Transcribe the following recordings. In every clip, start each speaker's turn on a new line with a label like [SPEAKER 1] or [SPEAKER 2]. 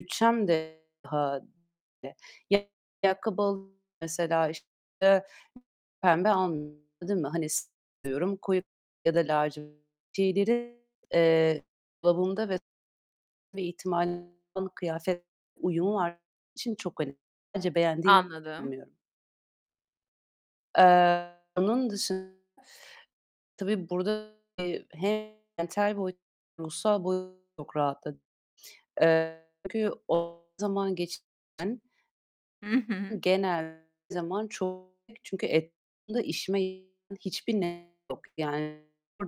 [SPEAKER 1] Bütçem dâhilinde. Ya, ayakkabı alı mesela, işte, pembe al değil mi? Hani seviyorum koyu ya da lacivert şeyleri, eee, dolabımda ve bir ihtimal kıyafet uyumu var için çok önemli, hani, sadece beğendiğim
[SPEAKER 2] Anladım.
[SPEAKER 1] [unintelligible] Eee, onun dışın tabii burada hem mental boyutta, ruhsal boyutta çok rahatladım. Eee, çünkü o zaman geçiren
[SPEAKER 2] Hı hı.
[SPEAKER 1] genel zaman çok. Çünkü etrafımda işime yaramayan hiçbir nesne yok. Yani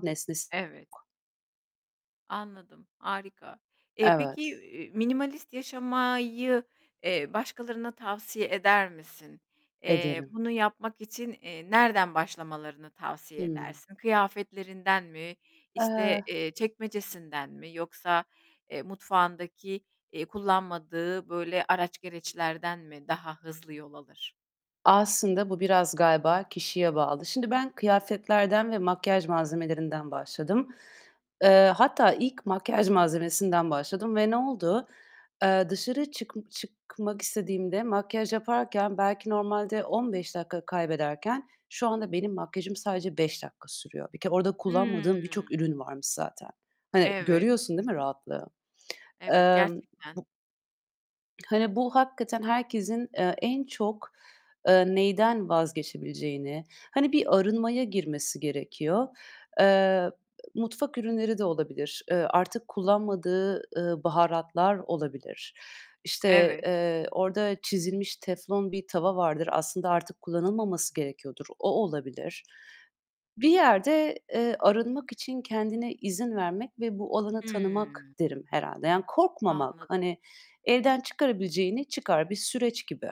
[SPEAKER 1] nesnesi
[SPEAKER 2] Evet.
[SPEAKER 1] yok.
[SPEAKER 2] Anladım. Harika. Eee, peki,
[SPEAKER 1] Evet.
[SPEAKER 2] eee, minimalist yaşamayı, eee, başkalarına tavsiye eder misin? Eee,
[SPEAKER 1] Ederim.
[SPEAKER 2] bunu yapmak için, eee, nereden başlamalarını tavsiye
[SPEAKER 1] Hımm.
[SPEAKER 2] edersin? Kıyafetlerinden mi, işte,
[SPEAKER 1] Eee
[SPEAKER 2] eee, çekmecesinden mi yoksa, eee, mutfağındaki, eee, kullanmadığı böyle araç gereçlerden mi daha hızlı yol alır?
[SPEAKER 1] Aslında bu biraz galiba kişiye bağlı. Şimdi ben kıyafetlerden ve makyaj malzemelerinden başladım. Eee, hatta ilk makyaj malzemesinden başladım ve ne oldu? Eee, dışarı çık çıkmak istediğimde makyaj yaparken belki normalde 15 dakika kaybederken şu anda benim makyajım sadece 5 dakika sürüyor. Bir kere orada
[SPEAKER 2] Hıı.
[SPEAKER 1] kullanmadığım birçok ürün varmış zaten. Hani,
[SPEAKER 2] Evet.
[SPEAKER 1] görüyorsun, değil mi, rahatlığı?
[SPEAKER 2] Evet,
[SPEAKER 1] Emm,
[SPEAKER 2] gerçekten.
[SPEAKER 1] bu hani, bu hakikaten herkesin, eee, en çok, eee, neyden vazgeçebileceğini, hani bir arınmaya girmesi gerekiyor. Eee, mutfak ürünleri de olabilir, eee, artık kullanmadığı, ııı, baharatlar olabilir. İşte,
[SPEAKER 2] Evet.
[SPEAKER 1] eee, orada çizilmiş teflon bir tava vardır. Aslında artık kullanılmaması gerekiyordur. O olabilir. Bir yerde, eee, arınmak için kendine izin vermek ve bu alanı tanımak
[SPEAKER 2] Hımm.
[SPEAKER 1] derim herhâlde. Yani korkmamak.
[SPEAKER 2] Anladım.
[SPEAKER 1] Hani elden çıkarabileceğini çıkar. Bir süreç gibi.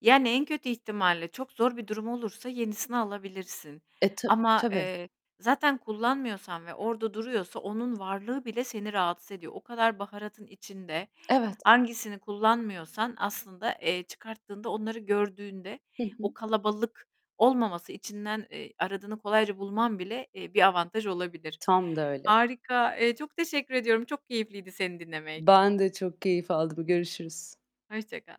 [SPEAKER 2] Yani en kötü ihtimalle, çok zor bir durum olursa yenisini alabilirsin
[SPEAKER 1] E, ta
[SPEAKER 2] ama,
[SPEAKER 1] tabii.
[SPEAKER 2] eee, zaten kullanmıyorsan ve orada duruyorsa onun varlığı bile seni rahatsız ediyor. O kadar baharatın içinde
[SPEAKER 1] Evet.
[SPEAKER 2] hangisini kullanmıyorsan aslında, eee, çıkarttığında onları gördüğünde
[SPEAKER 1] Hı
[SPEAKER 2] o
[SPEAKER 1] hı.
[SPEAKER 2] kalabalık olmaması, içinden, eee, aradığını kolayca bulman bile, eee, bir avantaj olabilir.
[SPEAKER 1] Tam da öyle.
[SPEAKER 2] Harika! Eee, çok teşekkür ediyorum. Çok keyifliydi seni dinlemek.
[SPEAKER 1] Ben de çok keyif aldım. Görüşürüz.
[SPEAKER 2] Hoşça kal.